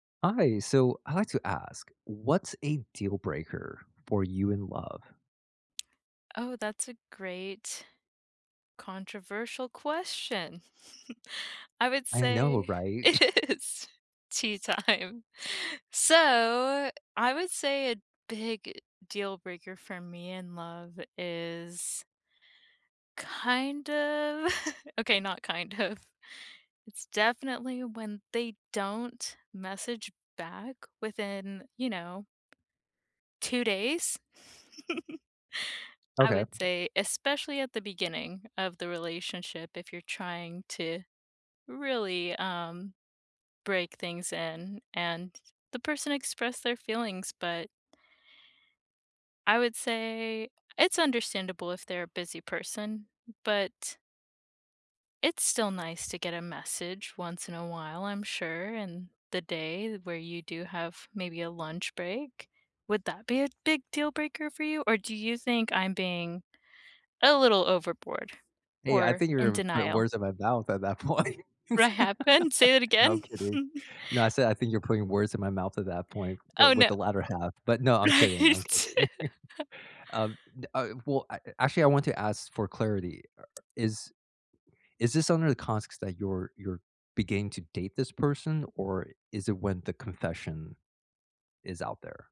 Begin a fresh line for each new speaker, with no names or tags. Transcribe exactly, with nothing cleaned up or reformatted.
Hi, so I'd like to ask, what's a deal breaker for you in love?
Oh, that's a great controversial question. I would
I know,
say
right?
it is tea time. So, I would say a big deal breaker for me in love is Kind of, okay, not kind of. It's definitely when they don't message back within, you know. two days. I
Okay.
would say, especially at the beginning of the relationship, if you're trying to really, um, break things in and the person expressed their feelings, but I would say it's understandable if they're a busy person, but It's still nice to get a message once in a while, I'm sure, and the day where you do have maybe a lunch break. Would that be a big deal breaker for you, or do you think I'm being a little overboard
Hey, I
or
think
in
you're putting
denial?
words in my mouth at that point.
What happened? Say that
No, I'm
again.
kidding. No, I said I think you're putting words in my mouth at that point, but
Oh,
with
no.
the latter half, but no, I'm kidding, I'm kidding.
Right.
Uh, d uh, well, a actually, I want to ask for clarity, is is this under the context that you're you're beginning to date this person or is it when the confession is out there.